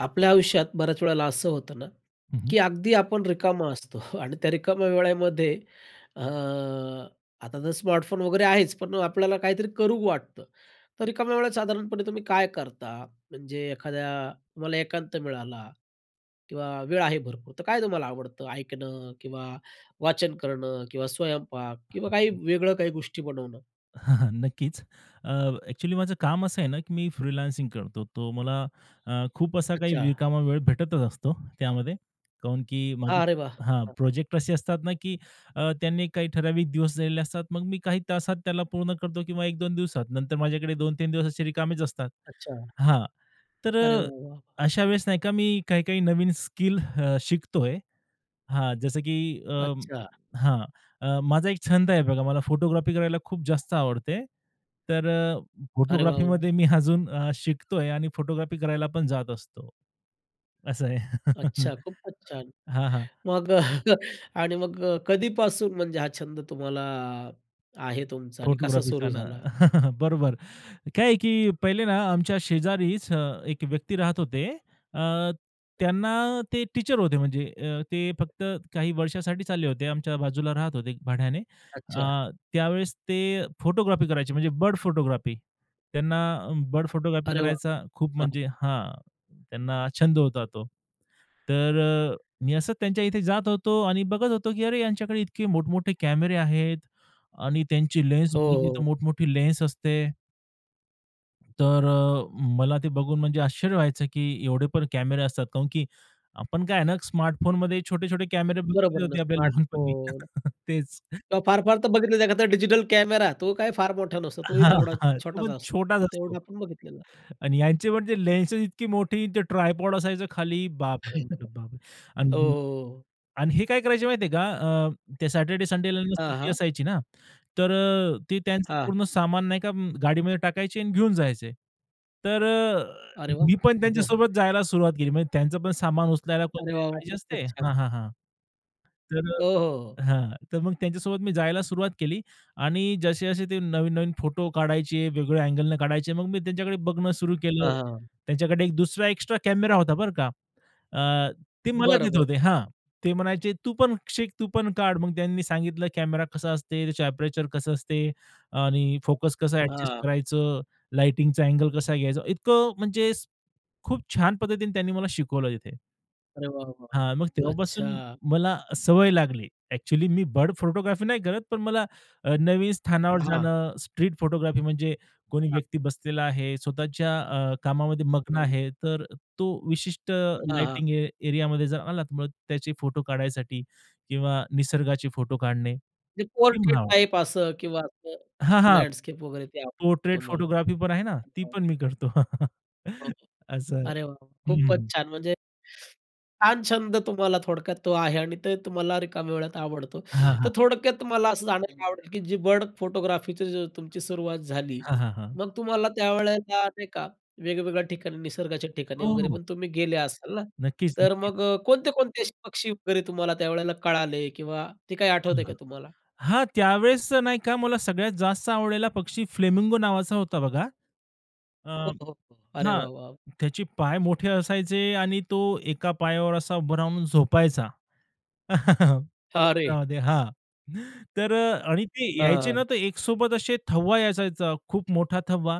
आपल्या आयुष्यात बऱ्याच वेळेला असं होतं ना, हं, हं. की अगदी आपण रिकामे असतो. आणि त्या रिकाम्या वेळेमध्ये, अ, आता तर स्मार्टफोन वगैरे आहेच, पण आपल्याला काहीतरी करू वाटतं. तर रिकाम्या वेळात साधारणपणे तुम्ही काय करता? म्हणजे एखाद्या, तुम्हाला एकांत मिळाला किंवा वेळ आहे भरपूर, तर काय तुम्हाला आवडतं? ऐकणं किंवा वाचन करणं किंवा स्वयंपाक किंवा वेगळ्या काही गोष्टी बनवणं? नक्कीच. अ, ॲक्चुअली माझं काम असं आहे ना, की मी फ्रीलान्सिंग करतो. तर मला अ, खूप असा काही अच्छा. रिकामा वेळ भेटतच असतो त्यामध्ये. कारण की माझे हां, अरे वा! हां. प्रोजेक्ट असे असतात ना, की अ, त्यांना काही ठराविक दिवस दिलेले असतात. मग मी काही तासात त्याला पूर्ण करतो, किंवा 1-2 दिवसात. नंतर माझ्याकडे 2-3 दिवस रिकामेच असतात. अच्छा. हां. तर अरे अ, वाह, वाह! अशा वेळेस नाही का, मी काही-काही नवीन स्किल अ, शिकतो आहे. हां. जसं की अ, अच्छा. हां. अ, माझा एक छंद आहे बघा, मला फोटोग्राफी करायला खूप जास्त आवडते. तर अरे वाह, वाह! फोटोग्राफीमध्ये मी अजून शिकतोय, आणि फोटोग्राफी करायला पण जात असतो. असं आहे. अच्छा, खूपच छान! हां, हां. मग अ, आणि मग अ, कधीपासून? म्हणजे हां, छंद तुम्हाला आहे तुमचा, आणि कसा फोटोग्राफीचं सुरू ना, झाला? बरोबर. काय आहे की पहिले ना, आमच्या शेजारीच हं, एक व्यक्ती राहत होते. अ, त्यांना ते टीचर होते. म्हणजे अ, ते फक्त काही वर्षांसाठी आमच्या बाजूला राहत होते भाड्याने. अच्छा. अ, त्यावेळेस ते फोटोग्राफी करायचे, म्हणजे बर्ड फोटोग्राफी. त्यांना बर्ड फोटोग्राफी अरे वाह! करायचा खूप, हां. म्हणजे हां, त्यांना छंद होता तो. तर अ, मी असंच त्यांच्या इथे जात होतो आणि बघत होतो, की अरे, यांच्याकडे इतके मोठ-मोठे कॅमेरे आहेत. आणि त्यांची लेन्स हो, [unintelligible] हो. मोठ-मोठी लेन्स असते. तर अ, मला ते बघून म्हणजे आश्चर्य व्हायचं की, एवढे पण कॅमेरे असतात. का म्हणून की आपण काय आहे ना स्मार्टफोनमध्ये छोटे-छोटे कॅमेरे बघितले बरोबर ना, होते. आपल्या लहानपणी स्मार्टफोन तेच. किंवा फार-फार तर बघितले तर एखादा डिजिटल कॅमेरा तो काही फार मोठा नसतो. तोही हां, तेवढाच हां, तो छोटाच पण असतो छोटाच असतो तेवढा आपण बघितलेला आहे. आणि ह्यांचे म्हणजे लेन्सेस इतकी मोठी न ते ट्रायपॉड असायचं खाली, बापरे म्हटलं "बापरे!" ओ, हो, अं, हो, हो. आणि हे काय करायचं माहिती आहे का? अ, ते सॅटरडे, संडेला ना अ, सुट्टी हां. असायची ना? तर अ, ते त्यांचं हां. पूर्ण सामान नाही का गाडीमध्ये टाकायचे आणि घेऊन जायचे. तर अ, अरे वाह! मी पण त्यांच्यासोबत जायला सुरुवात केली. म्हणजे त्यांचं पण सामान उचलायला अरे कोणतरी वाह! वाह! पाहिजे खूपच असते. हां, छान. हां, हां. तर हो, हो, हो. अ, हां. तर मग त्यांच्यासोबत मी जायला सुरुवात केली आणि जसे-जसे ते नवीन-नवीन फोटो काढायचे वेगळ्या अँगलने काढायचे. मग मी त्यांच्याकडे बघणं सुरु केलं. हां, हां. त्यांच्याकडे एक दुसरा एक्स्ट्रा कॅमेरा होता बरं का? अ, ते मला बरं, देत बरं. होते हां. ते म्हणायचे "तू पण शिक, तू पण काढ." मग त्यांनी सांगितलं कॅमेरा कसा असते, त्याचं एपरेचर कसं असते आणि फोकस कसं अँडजस्ट हां. करायचं, लाइटिंगचा अँगल कसा घ्यायचा? इतकं म्हणजे स खूप छान पद्धतीने त्यांनी मला शिकवलं तिथे. अरे वाह, वाह, हां, मग वाह! अच्छा. तेव्हापासून मला सवय लागली. ॲक्चुअली, मी बर्ड फोटोग्राफी नाही करत, पण मला अ, नवीन स्थानावर हां. जाणं, स्ट्रीट फोटोग्राफी, म्हणजे कोणी हां. व्यक्ती बसलेला आहे स्वतःच्या अ, कामामध्ये मग्न हम्म. आहे, तर तो विशिष्ट हां, हां. लाइटिंग ए एरियामध्ये जर आला तर मग त्याचे फोटो काढण्यासाठी, किंवा निसर्गाचे फोटो काढणे, जे पोर्ट्रेट किंवा टाइप असं, किंवा असं हां, हां. लँडस्केप वगैरे, ते आवडतं पोर्ट्रेट तुम्हाला? फोटोग्राफी पण आहे ना, ती पण मी करतो. अ, असं आहे. अरे वाह वाह, खूप हं. छान! म्हणजे, छान छंद तुम्हाला थोडक्यात तो आहे. आणि ते तुम्हाला रिकाम्या वेळात आवडतो. हां, तर हां. थोडक्यात तुम्हाला असं जाणायला आवडेल, की जी बर्ड फोटोग्राफीची तुमची सुरुवात झाली, हां, हां, हां. मग तुम्हाला त्यावेळेला नाही का, वेगवेगळ्या ठिकाणी, निसर्गाच्या ठिकाणी हो, वगैरे हो. पण तुम्ही गेले असाल ना? नक्कीच, तर नक्कीच. मग अ, कोणते-कोणते असे पक्षी वगैरे तुम्हाला त्यावेळेला कळाले, किंवा ते काही हां, आठवतंय का तुम्हाला? हां. त्यावेळेस नाही का, मला सगळ्यात जास्त आवडलेला पक्षी फ्लेमिंगो नावाचा होता बघा. अ हो, हो, हो. अरे हां. वाह, वाह! त्याचे पाय मोठे असायचे, आणि तो एका पायावर असा उभा राहून झोपायचा. अरे. [unintelligible] हां. तर अ, आणि ते यायचे हं. ना, तर एकसोबत असे थवा यायचा, त्याचा खूप मोठा थवा.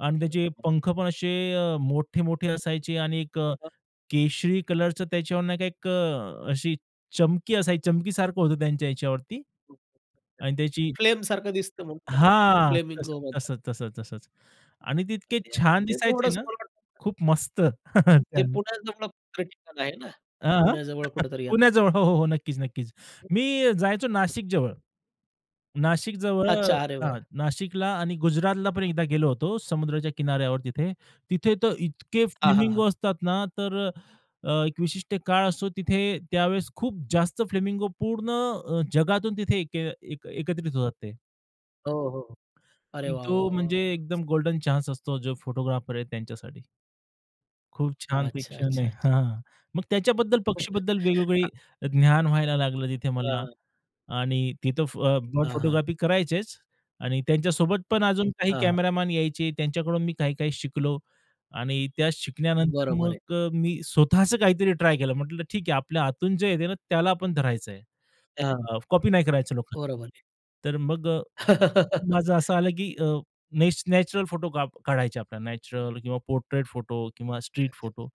आणि त्याचे [unintelligible] पंख पण असे अ, मोठे-मोठे असायचे, आणि एक अ, अ. केशरी कलरचं त्याच्यावरून एक अ, अशी चमकी असायची, चमकीसारखं होतं त्यांच्या ह्याच्यावरती. [unintelligible] आणि त्याची फ्लेमसारखं दिसतं, म्हणून त्याला ते हां, तस फ्लेमिंगो म्हणतात. तसंच, तस तसंच, आणि ते इतके ते अगदी छान तेथे दिसायचे तेवढंच ना, मला वाटतं. खूप मस्त! ते छान. पुण्याजवळ कुठं ठिकाण आहे ना, हां, हां. पुण्याजवळ [unintelligible] कुठेतरी येतं पुण्याजवळ, ते. हो, हो, हो, नक्कीच, नक्कीच. हं. मी जायचो हं. नाशिक जवळ. नाशिकजवळ, हां, अ, हां, चारेवर. नाशिकला, आणि गुजरातला पण एकदा गेलो होतो समुद्राच्या किनाऱ्यावर तिथे. तिथे तर इतके हां, हां, हां. फ्लेमिंगो असतात ना, तर अ, एक विशिष्ट काळ असतो, तिथे त्यावेळेस खूप जास्त फ्लेमिंगो पूर्ण, अ, जगातून तिथे एक एकत्रित होतात ते. हो, हो. अरे की वाह, तो वाह, वाह, म्हणजे वाह! एकदम गोल्डन चान्स असतो, जो फोटोग्राफर आहे त्यांच्यासाठी. खूप छान ते अच्छा, क्षण आहे. अच्छा, अच्छा. हां. मग त्याच्याबद्दल, पक्षीबद्दल का वेगवेगळं ज्ञान व्हायला लागलं तिथे मला. हां. आणि तिथं, अ, बर्ड हां, हां. फोटोग्राफी करायचेच आणि त्यांच्यासोबत पण अजून काही हां, हां. कॅमेरामन यायचे. त्यांच्याकडून मी काही-काही शिकलो. आणि त्या शिकल्यानंतर बरोबर आहे. मग, अ, मी स्वतःचं काहीतरी ट्राय केलं. म्हटलं, ठीक आहे, आपल्या आतून जे येतं ना, त्याला आपण धरायचं आहे, हां. कॉपी नाही करायचं लोकांन बरोबर आहे. तर मग, अ, माझं असं आलं, की अ, नॅच नॅचरल फोटो काढायचे आपल्याला, नॅचरल किंवा पोट्रेट फोटो किंवा अच्छा, स्ट्रीट अच्छा. फोटो,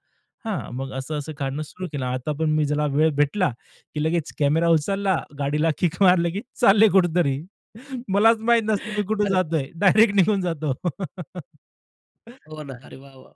हां. मग असं असं काढणं सुरू केलं. आता पण मी ज्याला वेळ भेटला, की लगेच कॅमेरा उचलला, गाडीला किक मारलं, की चालले कुठेतरी. मलाच माहीत नसतं, मी कुठं अरे वा! जातोय, डायरेक्ट निघून जातो. हो ना. अरे वाह, वाह!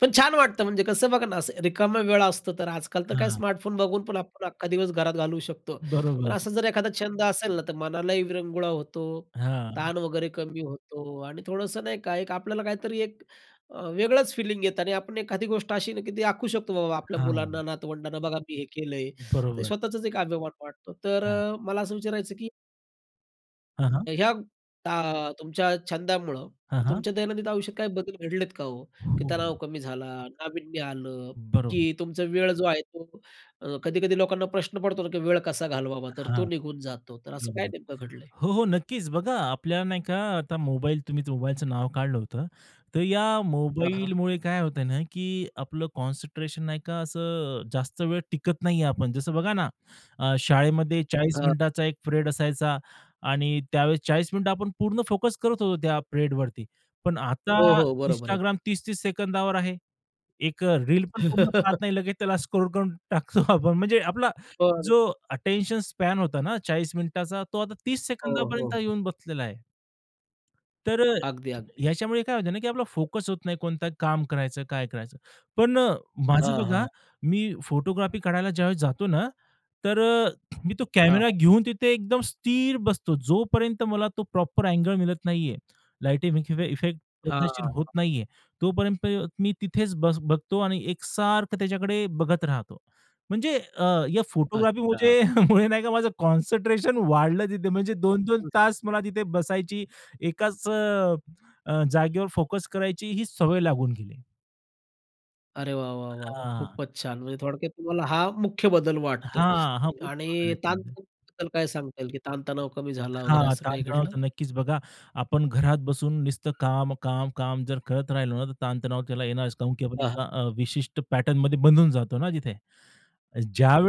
पण छान वाटतं, म्हणजे कसं बघा ना, असं रिकामा वेळ असतो, तर आजकाल तर काय, हं. स्मार्टफोन बघून पण आपण अख्खा दिवस घरात घालवू शकतो. पण बरोबर. असा जर एखादा छंद असेल ना, तर मनालाही विरंगुळा होतो, हां. ताण वगैरे कमी होतो आणि थोडंसं नाही का, एक आपल्याला काहीतरी एक, अ, वेगळंच फिलिंग येतं. आणि आपण एखादी गोष्ट अशी ना, की ती दाखवू शकतो, बाबा, आपल्या मुलांना, हां. नातवंडांना, बघा, मी हे केलं आहे. ते बरोबर. स्वतःचाच एक अभिमान वाटतो. तर हां. अ, मला असं विचारायचं, की हां, अ, हां. ह्या अ, तुमच्या छंदामुळं, हां, हां. तुमच्या दैनंदिन आयुष्यात काही बदल घडलेत का हो? की हो. तणाव कमी झाला, नाविन्य आलं. बरोबर. की तुमचा वेळ जो आहे तो अ, कधी-कधी लोकांना प्रश्न पडतो ना की वेळ कसा घालवावा. तर हां. तो निघून जातो, तर असं काय बरोबर. नेमकं घडलंय? हो, हो, नक्कीच. बघा, आपल्याला नाही का? आता मोबाईल तुम्ही मोबाईलचं नाव काढलं होतं. तर या हां, हां. मोबाईलमुळे काय होतंय ना की आपलं कॉन्सन्ट्रेशन नाही का? असं जास्त वेळ टिकत नाही आहे. आपण जसं बघा ना, शाळेमध्ये 40 हां. मिनिटाचा एक पीरियड असायचा आणि त्यावेळेस 40 मिनिटं आपण पूर्ण फोकस करत होतो, त्या पीरियडवरती. पण आता हो, हो. बरोबर आहे. Instagram 30-30 सेकंदावर आहे, एक अ, रील पण पूर्ण पाहत नाही लगेच त्याला स्क्रोल करून टाकतो आपण. म्हणजे आपला बरं. जो अटेन्शन स्पॅन होता ना 40 मिनिटाचा, तो आता 30 हो, हो, सेकंदापर्यंत हो. येऊन बसलेला आहे. तर अ, अगदी, अगदी. ह्याच्यामुळे काय होतं ना की आपला फोकस होत नाही, कोणतं काम करायचं, काय करायचं. पण अ, माझं हां, बघा हां. मी फोटोग्राफी काढायला ज्यावेळेस जातो ना, तर अ, मी तो कॅमेरा हां. घेऊन तिथे एकदम स्थिर बसतो, जोपर्यंत मला तो प्रॉपर अँगल मिळत नाहीये, लाइटमध्ये किंवा इफेक्ट हां, पद्धतशीर हां. होत हां. नाहीये. तोपर्यंत मी तिथेच बस बघतो आणि एकसारखं त्याच्याकडे बघत राहतो. म्हणजे अ, या फोटोग्राफी अच्छा. मुझे मुळे नाही का, माझं कॉन्सन्ट्रेशन वाढलं तिथे म्हणजे 2-2 तास मला तिथे बसायची, एकाच अ, अ, जागेवर फोकस करायची ही सवय लागून गेली. अरे वाह, वाह, वाह, वाह, हां. खूपच छान! म्हणजे थोडक्यात तुम्हाला, हा मुख्य बदल वाटतो, हां, हा खूप छान आणि [unintelligible] ताणतणावाबद्दल काय सांगता येईल, की ताणतणाव कमी झाला वगैरे, हां, असं काही ताणतणाव घडलं? तर नक्कीच, बघा, आपण घरात बसून नुसतं काम, काम, काम जर करत राहिलो ना, तर ताणतणाव त्याला येणारच. कारण की आपण अ, हां. एका, अ, विशिष्ट पॅटर्नमध्ये बंधून जातो ना तिथे.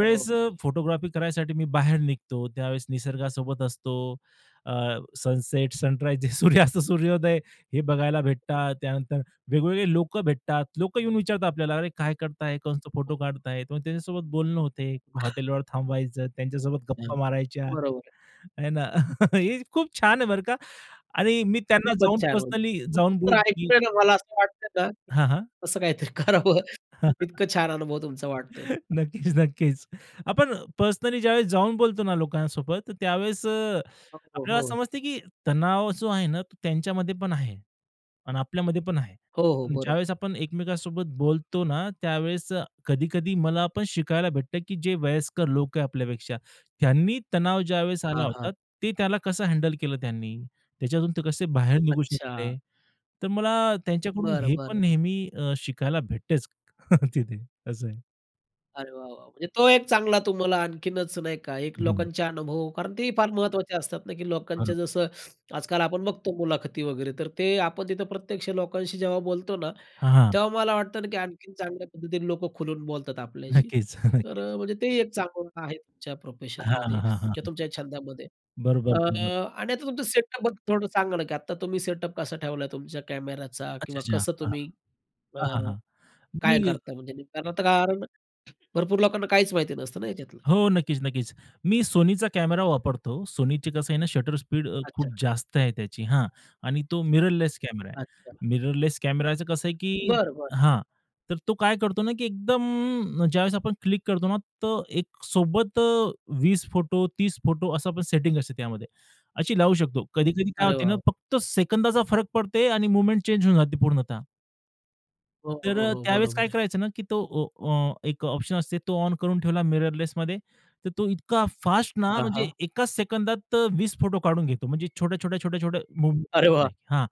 हो, अ, हो. फोटोग्राफी करायसाठी मी बाहेर निघतो, त्यावेळेस निसर्गासोबत असतो, अ, सनसेट, सनराइज, सूर्यास्त, सूर्योदय हे बघायला भेटतात. त्यानंतर वेगवेगळे लोकं भेटतात. लोकं येऊन विचारतात आपल्याला, "अरे, काय करताय, कसं हो. फोटो काढताय?" मग त्यांच्यासोबत बोलणं होतं, हॉटेलवर थांबायचं, त्यांच्यासोबत हं. गप्पा मारायच्या. बरोबर आहे. आहे ना, हे खूप छान आहे, बरं का. आणि मी त्यांना खूपच जाऊन छान. पर्सनली जाऊन तर बोलतो, की ऐकू ना, मला असं वाटतंय ना, हां, हां. तसं काहीतरी करावं, इतकं छान अनुभव तुमचा वाटतोय. नक्कीच, नक्कीच, आपण पर्सनली ज्यावेळेस जाऊन बोलतो ना लोकांसोबत, त्यावेळेस, अ, हो, आपल्याला हो. समजतं, की तणाव जो आहे ना, तो त्यांच्यामध्ये पण आहे आणि आपल्यामध्ये पण आहे. हो, हो, आणि बरोबर. ज्यावेळेस आपण एकमेकांसोबत बोलतो ना, त्यावेळेस, अ, कधी-कधी मला पण शिकायला भेटतं, की जे वयस्कर लोक आहेत आपल्यापेक्षा, त्यांनी तणाव ज्यावेळेस आला हां, होता, हां. ते त्याला कसं हँडल केलं त्यांनी, त्याच्यातून ते कसे बाहेर निघू अच्छा. शकले. तर मला त्यांच्याकडून बरं, हे पण बरं. नेहमी, अ, शिकायला भेटतंच तिथे, असं आहे. अरे, वाह, वाह! म्हणजे तो एक चांगला तुम्हाला आणखीनच नाही का, एक हं. लोकांचे अनुभव, कारण ते फार महत्त्वाचे असतात ना, की हां. लोकांच्या, जसं आजकाल आपण बघतो मुलाखती वगैरे, तर ते आपण तिथं प्रत्यक्ष लोकांशी जेव्हा बोलतो ना, हां, हां, हां. तेव्हा मला वाटतं ना, की आणखीन चांगल्या पद्धतीने लोकं खुलून बोलतात आपल्याशी. नक्कीच. तर, नक्कीच. अ, म्हणजे ते एक चांगलं आहे तुमच्या हां, प्रोफेशनमध्ये हां, हां, किंवा हां. तुमच्या छंदामध्ये. बरोबर, अ, बरोबर. आणि आता तुमचं सेटअप बद्दल थोडं सांगा ना, की आता तुम्ही सेटअप कसा ठेवला तुमच्या कॅमेऱ्याचा, किंवा अच्छा-अच्छा, कसं हां. तुम्ही अ, हां, हां, हां. मी काय करता, म्हणजे कारण आता, कारण भरपूर लोकांना काहीच माहिती नसतं ना ह्याच्यातलं. हो, नक्कीच, नक्कीच, मी SONYचा कॅमरा वापरतो. SONYची कसं आहे ना, शटर स्पीड अ, अच्छा. खूप जास्त आहे त्याची. हां, आणि तो मिररलेस कॅमेरा आहे. अच्छा. मिररलेस कॅमेराच कसं आहे, की बरं, बरं. हां, तर तो काय करतो ना, की एकदम ज्यावेळेस आपण क्लिक करतो ना, तर एकसोबत 20 फोटो, 30 फोटो असं आपण सेटिंग असते त्यामध्ये अशी लावू शकतो. कधी-कधी काय अरे होतं ना, वाह! फक्त सेकंदाचा फरक पडते, आणि मूव्हमेंट चेंज होऊन जाते पूर्णतः. हो, हो, हो, तर हो. त्यावेळेस बरोबर काय आहे. करायचं ना की तो ऑ अ, एक ऑप्शन असते, तो ऑन करून ठेवला, मिररलेसमध्ये. तर तो इतका फास्ट ना, हां, म्हणजे हां. एकाच सेकंदात 20 फोटो काढून घेतो. म्हणजे छोट्या-छोट्या, छोट्या-छोट्या मूव्ह अरे वाह! नाही हां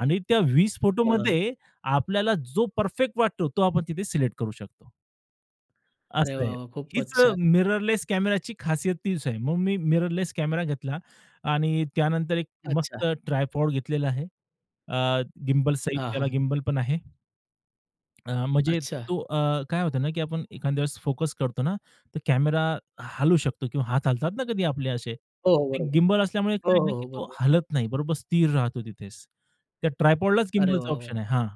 आणि त्या 20 हां. फोटोमध्ये आपल्याला जो परफेक्ट वाटतो, तो आपण तिथे सिलेक्ट करू शकतो. अरे असं आहे. वाह! वाह! हीच खूपच छान. मिररलेस कॅमेराची खासियत तीच आहे. मग मी मिररलेस कॅमेरा घेतला आणि त्यानंतर एक अच्छा. मस्त ट्रायपॉड घेतलेलं आहे. अ, गिम्बलस सहित, हां, त्याला हां. गिम्बल पण आहे. अ, म्हणजे अच्छा. तो अ, काय होतं ना की आपण एखाद्यां वेळेस फोकस करतो ना, तर कॅमेरा हलू शकतो किंवा हात हलतात ना कधी आपले असे, हो, हो, ते बरोबर. गिम्बल असल्यामुळे हो, काय आहे हो, ना की हो, तो बरोबर. हालत नाही, बरोबर स्थिर राहतो तिथेच. त्या ट्राइपॉडलाच अरे गिम्बलचा वाह! ऑप्शन वाह! आहे हां.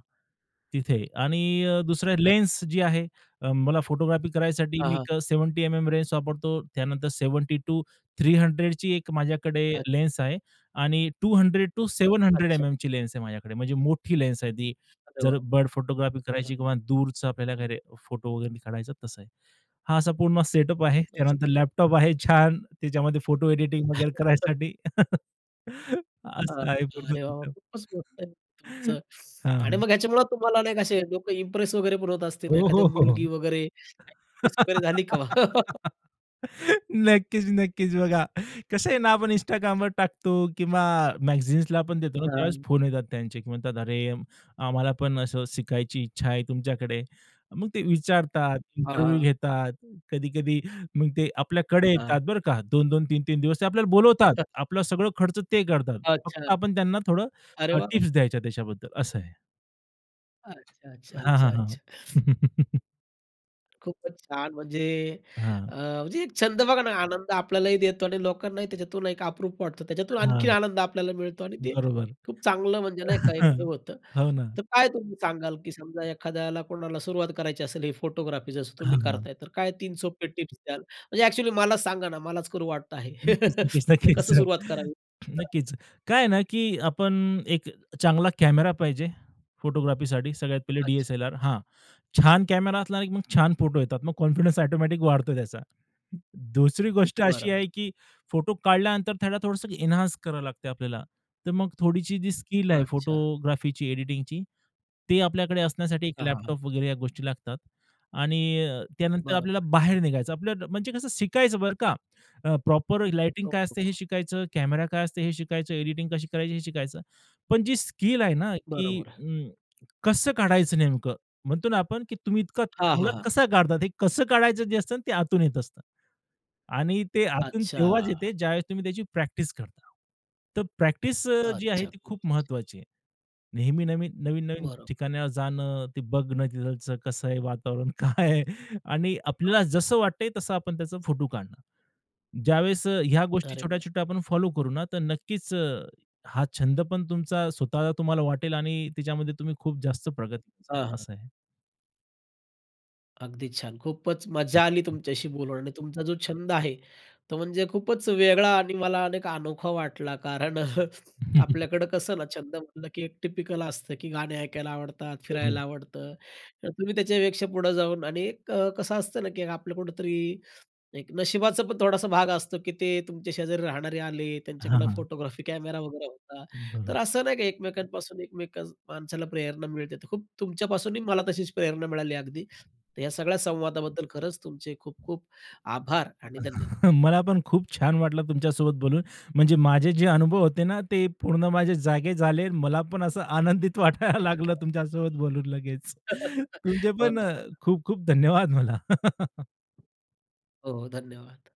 तिथे आणि अ, दुसऱ्या अच्छा. लेन्स जी आहे, अ, मला फोटोग्राफी करायसाठी हां, मी हां. एक 70 एम-एम लेन्स वापरतो, त्यानंतर 70 टू 300 ची एक माझ्याकडे अच्छा. लेन्स आहे आणि 200 टू 700 अच्छा. एम-एमची लेन्स आहे माझ्याकडे, म्हणजे मोठी लेन्स आहे ती, अरे जर बर्ड फोटोग्राफी वाह! करायची किंवा दूरचं आपल्याला खरे फोटो वगैरे काढायचं, तसं आहे. हा असा पूर्ण सेटअप आहे, मस्त त्यानंतर मग. लॅपटॉप आहे छान, त्याच्यामध्ये फोटो एडिटिंग वगैरे करायसाठी. हां, असं आहे पूर्ण अरे वाह! वाह! तिथं. खूपच मोठं आहे तुमचं हां, आणि हां. मग ह्याच्यामुळं तुम्हाला नाही असे लोकं इम्प्रेस वगैरे पण होत असतील, हो, एखाद्या हो, हो, हो. मुलगी वगैरे इम्प्रेस वगैरे झाली का? नक्कीच, नक्कीच. बघा कसं आहे ना, आपण Instagramवर टाकतो किंवा मॅगझन्सला आपण देतो ना, त्यावेळेस छान. फोन येतात त्यांचे की म्हणतात, "अरे! आम्हाला पण असं शिकायची इच्छा आहे तुमच्याकडे". मग ते विचारतात, हां, इंटरव्ह्यू हां. घेतात, कधी-कधी मग ते आपल्याकडे अ, हं. येतात बरं का. 2-2, 3-3 दिवस ते आपल्याला बोलवतात, आपलं सगळं खर्च ते करतात, अच्छा. फक्त आपण त्यांना थोडं अरे वाह! टिप्स द्यायच्या त्याच्याबद्दल, असं आहे. अच्छा, अच्छा, हां, हां. अच्छा, हां. अच्छा. खूपच छान! म्हणजे हां. अ, म्हणजे छंद बघा ना, आनंद आपल्यालाही देतो आणि लोकांनाही त्याच्यातून एक अप्रूप वाटतं. त्याच्यातून आणखीन हं. आनंद आपल्याला मिळतो आणि ते बरोबर. खूप चांगलं, म्हणजे नाही का, एक हे होतं. हो ना. तर काय तुम्ही सांगाल, की समजा एखाद्याला कोणाला सुरुवात करायची असेल, हे फोटोग्राफी जसं तुम्ही हां, हां. करताय, तर काय 3 सोपे टिप्स द्याल? म्हणजे एक्चुअली मला सांगा ना, मलाच करू वाटतं आहे. नक्कीच, नक्कीच, तर नक्कीच, कसं अ, सुरुवात करावी? नक्कीच. काय आहे ना, की आपण एक चांगला कॅमेरा पाहिजे फोटोग्राफीसाठी. सगळ्यात पहिले अच्छा. डी-एस-एल-आर, हां, छान कॅमेरा असला, की मग छान फोटो येतात. मग कॉन्फिडन्स ऑटोमॅटिक वाढतो त्याचा. दुसरी गोष्ट अशी बरोबर. आहे की फोटो काढल्यानंतर त्याला थोडंसं एन्हान्स करावं लागते आपल्याला. तर मग थोडीशी जी स्किल आहे अच्छा. फोटोग्राफीची, एडिटिंगची, ते आपल्याकडे असण्यासाठी एक हां, हां. हां. लॅपटॉप वगैरे या गोष्टी लागतात. आणि त्यानंतर आपल्याला बरोबर. बाहेर निघायचं, म्हणजे कसं शिकायचं बरं का, अ, प्रॉपर लाइटिंग काय असते हे हो. शिकायचं, कॅमेरा काय असते हे शिकायचं, एडिटिंग कशी करायची हे शिकायचं. पण जी स्किल आहे ना, की बरोबर. अ, कसं काढायचं? नेमकं म्हणतो ना आपण, की तुम्ही इतका हां, हां. चांगला हां. कसा काढतात, हे कसं काढायचं जे असतं ते आतून येत असतं. आणि ते आतून तेव्हाच अच्छा. येतं, ज्यावेळेस तुम्ही त्याची प्रॅक्टिस करता. तर प्रॅक्टिस, अ, जी आहे अच्छा, ती खूप खूप महत्त्वाची आहे. नेहमी-नेहमी, नवीन-नवीन बरं. ठिकाणी जाणं, ते बघणं, तिथचं कसं आहे वातावरण, काय आहे? आणि आ. आपल्याला जसं वाटतंय तसं, आपण त्याचा फोटो काढणं. ज्यावेळेस अ, ह्या गोष्टी अरे वाह! छोट्या-छोट्या आपण फॉलो करू ना, तर नक्कीच अ, हा छंद पण तुमचा स्वतः तुम्हाला वाटेल आणि त्याच्यामध्ये तुम्ही खूप जास्त प्रगती [unintelligible] हां, हां. असं आहे. अगदी छान. खूपच मज्जा आली तुमच्याशी बोलून आणि तुमचा जो छंद आहे तो म्हणजे खूपच वेगळा आणि मला अनेक अनोखा वाटला. कारण, अ, आपल्याकडं कसं ना, छंद म्हटलं की एक टिपिकल असतं, की गाणे ऐकायला आवडतात, हो. फिरायला आवडतं. तर तुम्ही त्याच्यापेक्षा पुढं जाऊन आणि एक कसं असतं ना, की आपल्या कुठेतरी एक नशिबाचा पण थोडासा भाग असतो, की ते तुमच्या शेजारी राहणारे आले, हां, त्यांच्याकडं हां. फोटोग्राफी कॅमेरा वगैरे होता. बरोबर. तर असं नाही, की एकमेकांपासून एकमेक माणसाला प्रेरणा मिळते. तर खूप तुमच्यापासूनही मला तशीच प्रेरणा मिळाली, अगदी. तर या सगळ्या संवादाबद्दल खरंच तुमचे खूप-खूप आभार आणि धन्यवाद. मला पण खूप छान वाटलं तुमच्यासोबत बोलून, म्हणजे माझे जे अनुभव होते ना, ते पूर्ण माझे जागे झाले. मला पण असं आनंदित वाटायला लागलं [unintelligible] तुमच्यासोबत बोलून लगेच. तुमचे हो पण ना. खूप-खूप धन्यवाद मला. हो, हो. धन्यवाद.